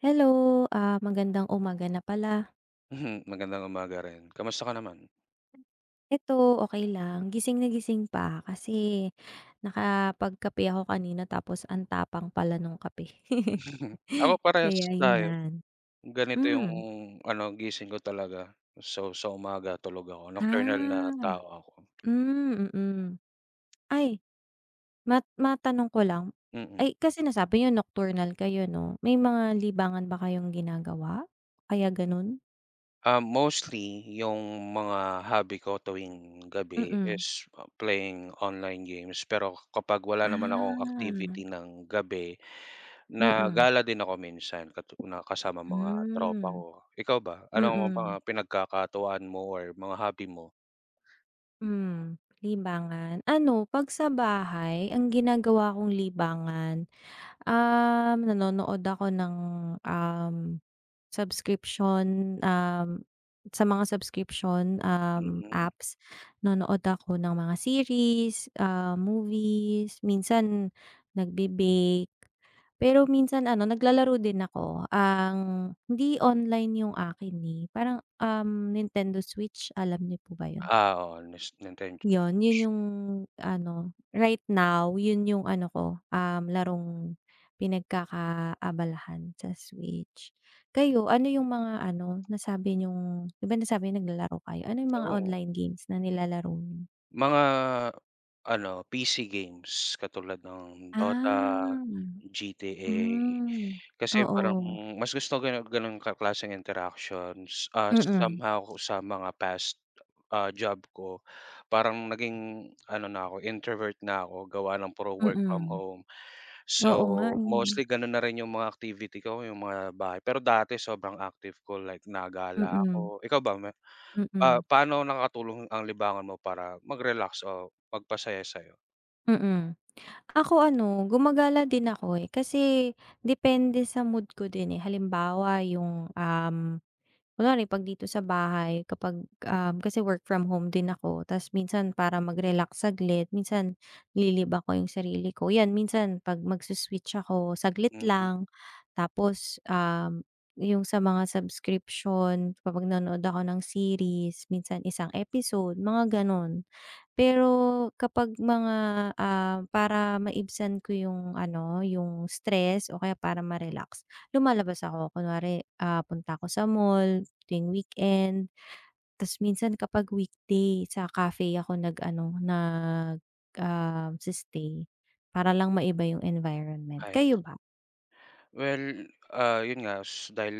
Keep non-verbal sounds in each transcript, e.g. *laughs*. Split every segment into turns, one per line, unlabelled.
Hello! Ah, magandang umaga na pala.
Mhm! Magandang umaga rin, kamusta ka naman?
Ito, okey lang, gising na gising pa. Kasi nakapagkape ako kanina tapos ang tapang pala nung kape. *chuckles*
Mm. Ako, parehas
Kaya
tayo,
ayan,
ganito yung
hmm.
ano, gising ko talaga, so sa umaga tulog ako. Nocturnal na
Ah!
tao ako.
Hmm, mhm. Ay, ma matanong ko lang,
Mm.
ay, kasi nasabi niyo nocturnal kayo 'no. May mga libangan ba kayong ginagawa, kaya gano'n?
Ah, mostly, yung mga hobby ko tuwing gabi
Mm.
is playing online games. Pero kapag wala naman akong
Ah.
activity ng gabi, na
Mm.
gala din ako minsan katu na kasama mga tropa
Hmm,
ko. Ikaw ba, anong mga
mm.
pinagkakatuwaan mo or mga hobby mo?
Hmm, libangan? Ano, 'pag sa bahay, ang ginagawa kong libangan, um, nanonood ako ng, um, subscription, um, sa mga subscription, um,
Mm.
apps. Nanonood ako ng mga series, ah, movies, minsan nagbe-bake, pero minsan ano, naglalaro din ako. Ang hindi online yung akin, eh, parang, um, Nintendo Switch. Alam niyo po ba 'yon?
Ah, oo. Nes Nintendo
'Yon 'yon
Switch.
yung ano, right now, 'yon yung ano ko, um, larong pinagkakaabalahan, sa switch. Kayo, ano yung mga ano, nasabi niyong di ba nasabi niyo naglalaro kayo? Ano yung mga
Oo.
online games na nilalaro niyo?
Mga, ano PC games katulad ng DOTA,
Ah,
GTA
hmm,
Kasi parang,
oo.
hmm, mas gusto ganun, ganung ka klaseng interactions. Ah,
Mm.
somehow kung sa mga past, ah, job ko. Parang naging ano na 'ko introvert na 'ko. Gawa ng puro work from
Mm.
home.
Oo nga
So,
eh.
mostly ganun na rin yung mga activity ko. Yung mga bahay. Pero dati sobrang active ko like na-gala
Mm.
ako. Ikaw ba, me ah,
Mm.
paano nakatulong ang libangan mo para mag-relax o magpasaya sa'yo?
Mm. Ako ano, gumagala din ako eh. Kasi, depende sa mood ko din eh. Halimbawa yung, um, kunwari pag dito sa bahay, kapag, um, kasi work from home din ako. Ta's minsan para mag-relax saglit. Minsan, nililibang ko yung sarili ko, yan. Minsan pag mag-su-switch ako saglit
Mm.
lang, tapos, um, yung sa mga subscription kapag nanood ako ng series minsan isang episode, mga ganun. Pero, kapag mga, ah, para maibsan ko yung ano, yung stress, o kaya para ma-relax, lumalabas ako. Kunwari ah, punta ako sa mall, tuwing weekend. Ta's minsan kapag weekday sa cafe ako nag-ano nag um, si-stay. Para lang maiba yung environment. Kayo
Ayos.
ba?
Well ah, yun nga dahil,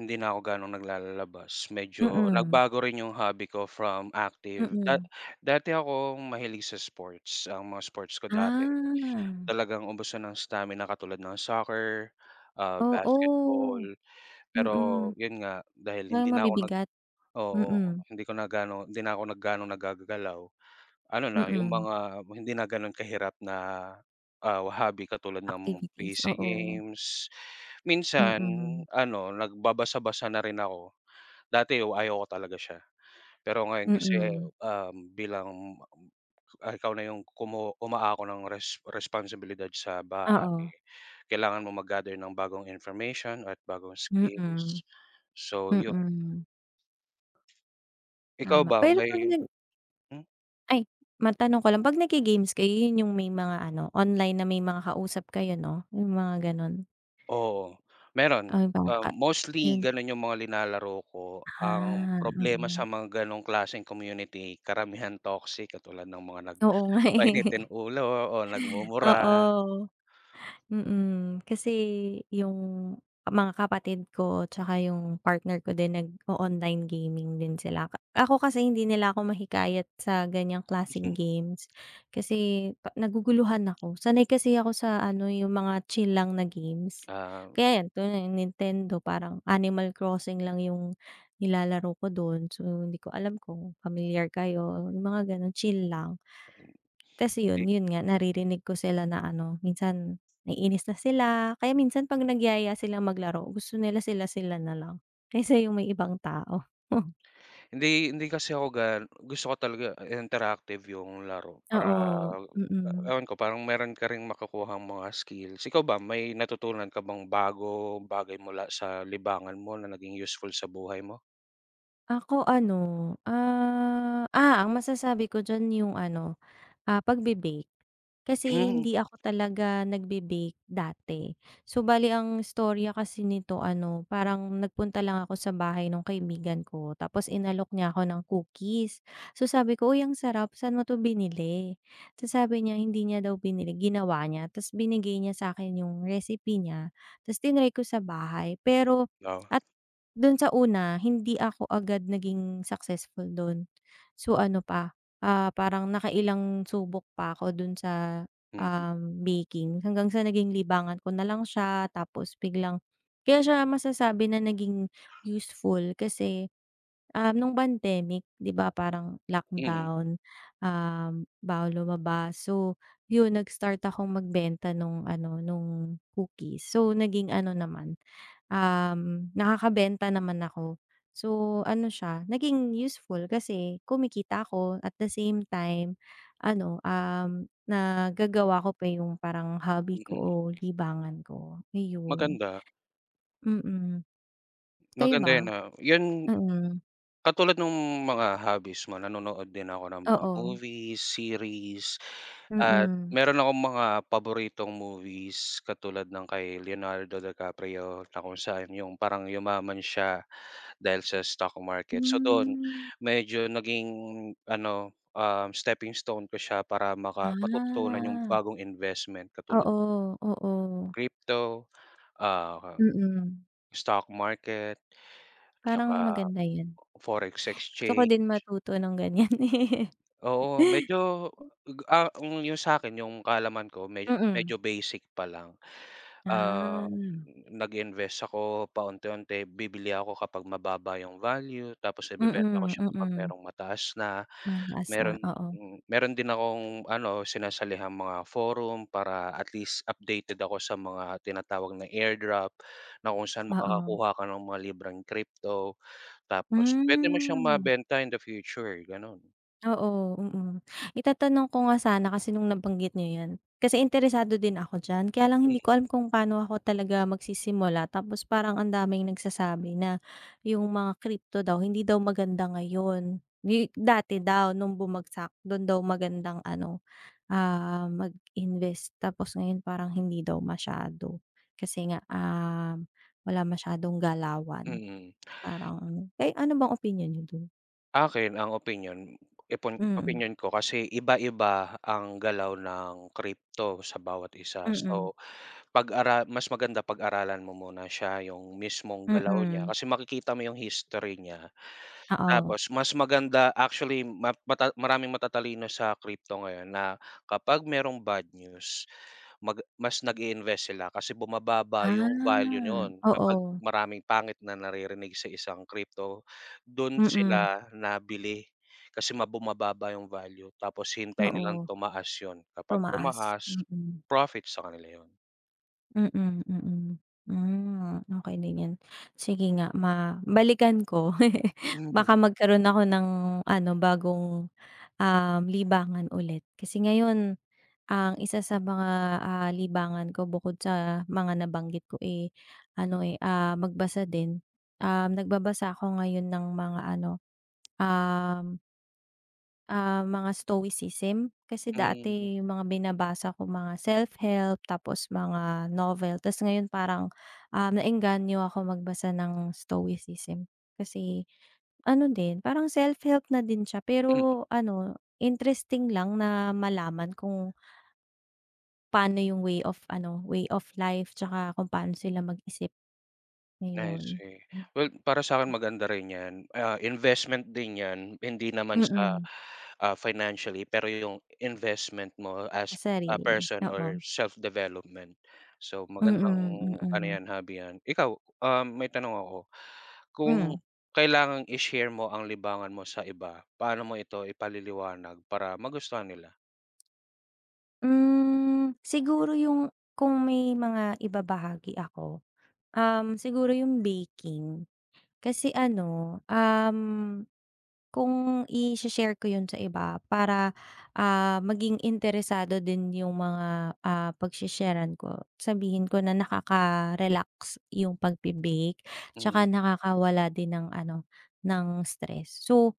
hindi na 'ko gaanong naglalalabas medyo
Mm.
nagbago rin yung hobby ko from active da
Mm.
dati akong mahilig sa sports, ang mga sports ko dati,
Ah.
talagang ubusan ng stamina katulad ng soccer, ah, basketball.
Oo
Pero
mm.
yun nga, dahil hindi
Parang
na ako nag
mabibigat?
oo.
Mm.
Hindi ko na gaano, hindi na 'ko nagganong naggagagalaw. Ano na yung
Mm.
mga hindi na ganun kahirap na, ah, hobby katulad ng
Activities,
PC
oo.
games, minsan
Mm.
ano nagbabasa-basa na rin ako. Dati yo ayoko talaga siya. Pero ngayon kasi,
Mm.
um, bilang, ah, ikaw na yung kumu umaako ng res responsibilidad sa bahay.
Oo.
Eh kailangan mong mag-gather ng bagong information at bagong
Mm.
skills. So yun.
Mm.
Ikaw
Tama,
ba
pero pag
may
nag
Hmm.
Ay matanong ko lang. Pag nag-ge-games kayo yun yung may mga ano, online na may mga kausap kayo no? Yung mga ganun?
Oo, meron.
Ay
Ah,
baka
mostly
yun.
ganun yung mga nilalaro ko. Ang
Ah,
problema
mm.
sa mga ganung klaseng community karamihan toxic. Katulad ng mga nag
Oo nga eh. *chuckles*
mainitin ulo o nagmumura.
Oo. Mm. Kasi, yung, mga kapatid ko tsaka yung partner ko din nag-o-online gaming din sila. Ako kasi hindi nila ako mahikayat sa ganyang klaseng
Mhm.
games. Kasi, ka naguguluhan ako. Sanay kasi ako sa ano yung mga chill lang na games.
Ah.
Kaya yan, tulad niyan Nintendo, parang Animal Crossing lang yung nilalaro ko dun. So hindi ko alam kung pamilyar kayo, mga ganun, chill lang. Kasi iyun,
Di
iyun nga naririnig ko sila na ano, minsan nainis na sila. Kaya minsan pag nagyaya silang maglaro, gusto nila sila-sila nalang kaysa yung may ibang tao. *chuckles*
Hindi hindi kasi ako gan gusto ko talaga, ah, interactive yung laro. Para,
Oo, mm.
ewan ko, parang meron ka ring makukuhang mga skills. Ikaw ba, may natutunan ka bang bago, bagay, mula sa libangan mo na naging useful sa buhay mo?
Ako, ano, ah, Ah! Ang masasabi ko diyan yung ano, ah, pagbe-bake. Kasi
Hmm.
hindi ako talaga nagbe-bake dati. So, bale ang istorya kasi nito ano, parang nagpunta lang ako sa bahay nung kaibigan ko tapos inalok niya ako ng cookies. So, sabi ko, "Uy, ang sarap, saan mo to binili?" Tapos sabi niya, hindi niya daw binili, ginawa niya tas binigay niya sa'kin yung recipe niya, tas tinry ko sa bahay. Pero
Oo.
at dun sa una, hindi ako agad naging successful do'n. So, ano pa, ah, parang nakailang subok pa ako dun sa,
Mm.
um, baking. Hanggang sa naging libangan ko nalang siya, tapos biglang kaya siya masasabi na naging useful kasi, ah, nung pandemic, 'di ba parang
Mm.
lockdown? Um, bawal lumabas, so yun, nag-start akong magbenta nung ano, nung cookies. So, naging ano naman, um, nakakabenta naman ako. So, ano siya, naging useful, kasi kumikita ako, at the same time ano, um, nagagawa ko pa yung parang hobby ko o
Mm.
libangan ko, ayun.
Maganda.
Mm. Kayo
Maganda 'yan,
ba?
oo. 'Yan,
Mm.
katulad nung mga hobbies mo, nanonood din ako ng mga
Oo.
movies, series, at
Mm.
meron akong mga paboritong movies katulad ng kay Leonardo Di Caprio na kung saan yung parang yumaman siya dahil sa stock market. So do'n,
Hmm.
medyo naging ano, ah, steppingstone ko siya para maka matututunan yung
Ah.
bagong investment katulad
Oo, oo.
Crypto, ah,
Mm.
Stock market
Parang
tsaka
maganda yun.
Forex
Gusto ko
Exchange.
din matuto ng ganiyan, eh.
Oo, medyo,
*chuckles*
ah, yung sa'kin, yung kaalaman ko medyo
Mm.
medyo basic pa lang.
Ah,
Ah,
hmm.
nag-invest ako paunti-unti. Bibili ako kapag mababa yung value tapos ibebenta ko
Mm,
siya kapag
mm.
merong mataas na.
Mataas na,
Meron
oo.
meron din akong ano, sinasalihang mga forum para at least updated ako sa mga tinatawag na airdrop, na kung saan
Oo.
makakakuha ka ng mga libreng crypto tapos puwede mo siyang
Hmm.
mabenta in the future, gano'n.
Oo, mm. Itatanong ko nga sana, kasi nung nabanggit niyo 'yan, kasi interesado din ako diyan. Kaya lang hindi
Hmm.
ko alam kung pa'no ako magsisimula tapos parang ang daming nagsasabi na yung mga crypto daw, hindi daw maganda ngayon, 'di dati daw, nung bumagsak. Dun daw magandang ano, ah, mag invest tapos ngayon parang hindi daw masyado, kasi nga, um, wala masyadong galawan.
Mhm. *gasps*
Parang eh, ano bang opinyon niyo dun?
Akin, ang opinyon ipon
Mm.
opinyon ko kasi iba-iba ang galaw ng crypto sa bawat isa,
Mm.
so pag-ara mas maganda pag-aralan mo muna siya, yung mismong galaw niya.
Mm.
Kasi makikita mo yung history niya.
Oo.
Tapos mas maganda, actually, ma mata maraming matatalino sa crypto ngayon na kapag merong bad news, mag mas nag-iinvest sila kasi bumababa yung value
Ah,
no'n, kapag
oo.
maraming pangit na naririnig sa isang crypto. Do'n
Mm.
sila na bili kasi ma bumababa yung value tapos hinihintay nilang
Oo.
tumaas yun. Kapag
Tumaas,
tumaas
mm.
profit sa kanila yun.
Mm, mm. Hmm, okey din yan. Sige nga ma balikan ko, *laughs*
Mhm.
baka magkaroon ako ng ano bagong, um, libangan ulit. Kasi ngayon, ang isa sa mga, ah, libangan ko bukod sa mga nabanggit ko, eh, ano, eh, ah, magbasa din, um, nagbabasa ako ngayon ng mga ano, um ah, mga stoicism. Kasi
Hmm.
dati yung mga binabasa ko mga self-help, tapos mga novel. Tas ngayon parang, um, naengganyo ako magbasa ng stoicism kasi ano din parang self-help na din siya,
Mm.
pero ano interesting lang na malaman kung Paano yung way of ano, way of life tsaka kung pano sila mag isip.
I
Ayun.
see. Well, para sa'kin maganda rin yan, ah, investment din yan. Hindi naman sa,
Mm.
ah, financially pero yung investment mo
Sa
as a
sarili,
person or
oo.
self-development. So, magandang
Mm,
ano
mm.
yan, hobby yan. Ikaw, ah, may tanong ako, kung
Hmm.
kailangang i-share mo ang libangan mo sa iba, paano mo ito ipaliliwanag para magustuhan nila?
Mm siguro yung kung may mga ibabahagi ako, um, siguro yung baking. Kasi ano, um, kung i-shi-share ko yun sa iba para, ah, maging interesado din yung mga, ah, pag-shesharan ko sabihin ko na nakaka-relax yung pag-bebake. Tsaka
Mhm.
nakakawala din ng ano ng stress. So,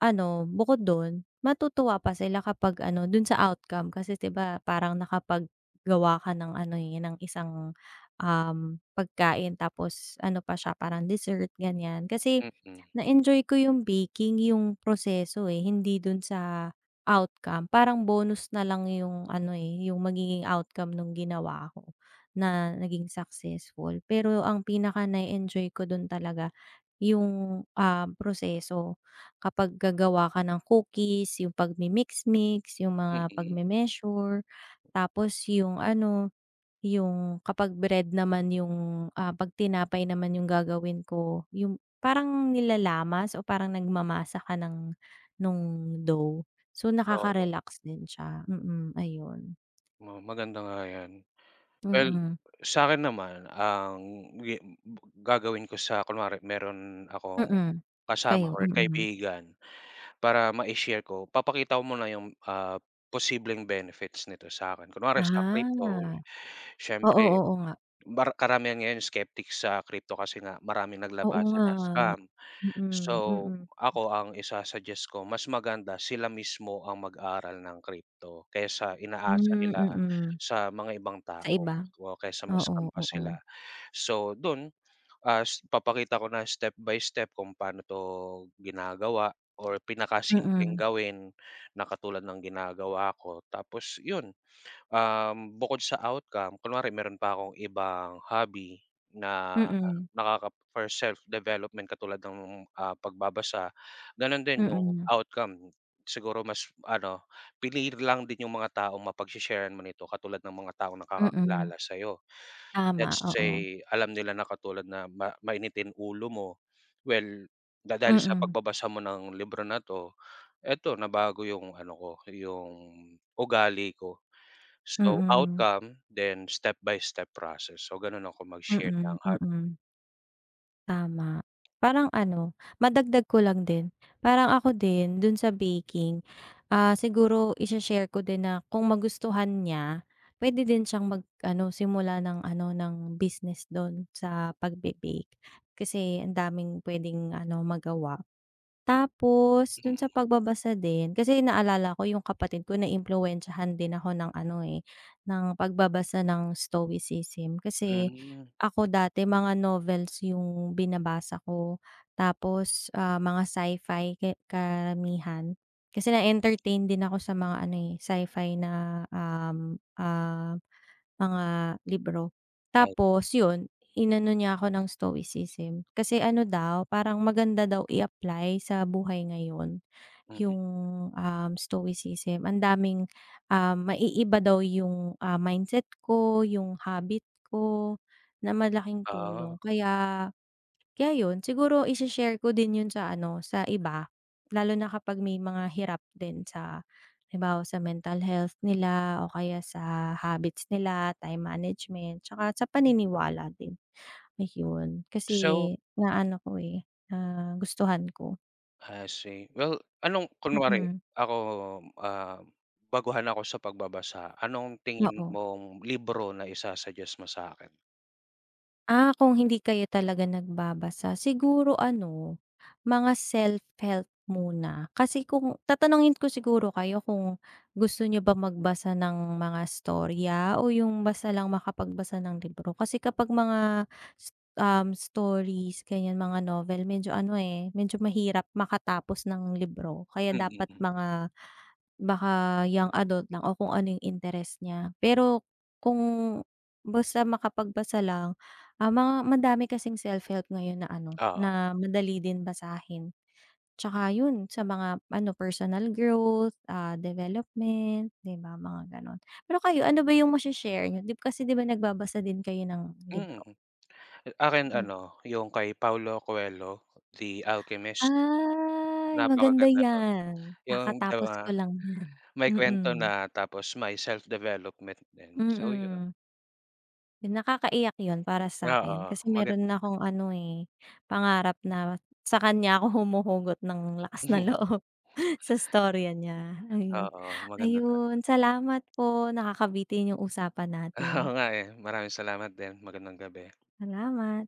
ano, bukod dun, matutuwa pa sila kapag ano dun sa outcome. Kasi di ba parang nakapag-gawa ka ng ano ng isang, um, pagkain. Tapos ano pa siya parang dessert, ganyan. Kasi
Mm.
na enjoy ko yung baking yung proseso, eh. Hindi dun sa outcome. Parang bonus na lang yung ano, eh, yung magiging outcome nung ginawa ko, na naging successful. Pero ang pinaka na enjoy ko dun talaga, yung, ah, proseso. Kapag gagawa ka ng cookies, yung pag-mimix-mix, yung mga pag
Mm.
me-measure, tapos yung ano, yung kapag bread naman yung, ah, pag tinapay naman yung gagawin ko. Yung parang nilalamas o parang nagmamasa ka ng, nung dough. So,
Oo.
nakaka-relax din siya. Mm, ayun.
Oo maganda nga yan. Well
Mm.
sakin naman, ang gagawin ko sa kunwari meron akong
Mm.
kasama
Kayo
or
mm.
kaibigan para ma-ishare ko, papakita ko muna yung, ah, posibleng benefits nito sakin. Kunwari sa crypto,
Ah. Oo
siyempre,
oo nga.
mar karamihan ngayon skeptics sa crypto kasi nga maraming
Oo
naglabasan
nga,
na scam.
mm
So,
mm.
ako ang isa-suggest ko, mas maganda sila mismo ang mag-aral ng crypto. Kaysa inaasa
Hmm
nila
mm.
sa mga ibang
Sa
tao,
iba,
kaysa ma-scam
oo
pa sila.
oo.
So, dun, ah, papakita ko na step by step kung pano to ginagawa, or pinaka-simpleng
Mm.
gawin na katulad ng ginagawa ko. Tapos yun, um, bukod sa outcome, kunwari meron pa akong ibang hobby na
Mm.
nakaka for self development katulad nung, ah, pagbabasa, ganun din, yung
Mm.
outcome. Siguro mas ano pili lang din yung mga taong mapag she-sharan mo nito. Katulad ng mga taong
Mm.
nakakakilala sayo,
Tama
let's
oo
say alam nila na katulad na ma mainitin ulo mo. Well dahil sa
Mm.
pagbabasa mo ng libro na to, eto, nabago yung ano ko, yung, ugali ko. So,
Mm.
outcome, then step by step process. So, ganun ako mag share ng
Mm
hobby.
mm. Tama. Parang ano, madagdag ko lang din. Parang ako din dun sa baking. Ah, siguro i-she-share ko din na kung magustuhan niya, pwede din siyang mag-ano simula ng ano ng business dun sa pagbe-bake. Kasi ang daming pwedeng ano magawa. Tapos dun sa
Mm.
pagbabasa din, kasi naalala ko yung kapatid ko naimpluwensyahan din ako ng ano, eh, ng pagbabasa ng stoicism kasi
Mm.
ako dati mga novels yung binabasa ko. Tapos, ah, mga sci-fi ki karamihan. Kasi na-entertain din ako sa mga ano eh, sci-fi na, um, ah, mga libro.
Ay.
Tapos yun, inano niya ako ng stoicism. Kasi ano daw parang maganda daw i-apply sa buhay ngayon,
Mm.
yung, um, stoicism. Ang daming, ah, maiiba daw yung, ah, mindset ko, yung habit ko, na malaking tulong.
Ah.
Kaya, kaya yun. Siguro i-she-share ko din yun sa ano sa iba. Lalo na kapag may mga hirap din sa halimbawa sa mental health nila, o kaya sa habits nila, time management, 'tsaka sa paniniwala din, ayun.
So.
Kasi na-ano ko, eh, nagustuhan ko.
I see. Well anong, kunwari
Mm.
ako, ah, baguhan ako sa pagbabasa. Anong tingin
Oo.
mong libro na isu-sugguest mo sa'kin?
Ah, kung hindi kayo talaga nagbabasa, siguro ano, mga self-help muna. Kasi kung tatanungin ko siguro kayo kung gusto niyo bang magbasa ng mga storya o yung basta lang makapagbasa ng libro? Kasi kapag mga s um, stories, ganyan, mga novel, medyo ano, eh, medyo mahirap makatapos ng libro kaya dapat
Mm.
mga baka young adult lang o kung ano yung interes niya. Pero kung basta makapagbasa lang, ah, mga madami kasing self-help ngayon na ano,
Oo.
na madali din basahin. Tsaka yun, sa mga ano, personal growth, ah, development, 'di ba, mga gano'n. Pero kayo, ano ba yung mashe-share niyo, di kasi 'di ba nagbabasa din kayo ng
Mm.
libro?
Akin
Mm.
ano, yung kay Paulo Coelho, The Alchemist.
Ay maganda
Napakaganda nun.
'yan.
Yung though,
Kakatapos
ah,
ko lang niyan.
may kwento
Mm.
na tapos may self development din. So yun.
Mm. Yun, nakakaiyak yun para sa'kin.
Oo,
Kasi
maganda
meron na
siya.
akong ano, eh, pangarap na sa kanya ako humuhugot ng lakas ng
*laughs*
loob. Sa storya niya, ayun.
Oo, maganda talaga.
Ayun, salamat po. Nakakabitin yung usapan
Oo
natin.
nga, eh. Maraming salamat din. Magandang gabi.
Salamat.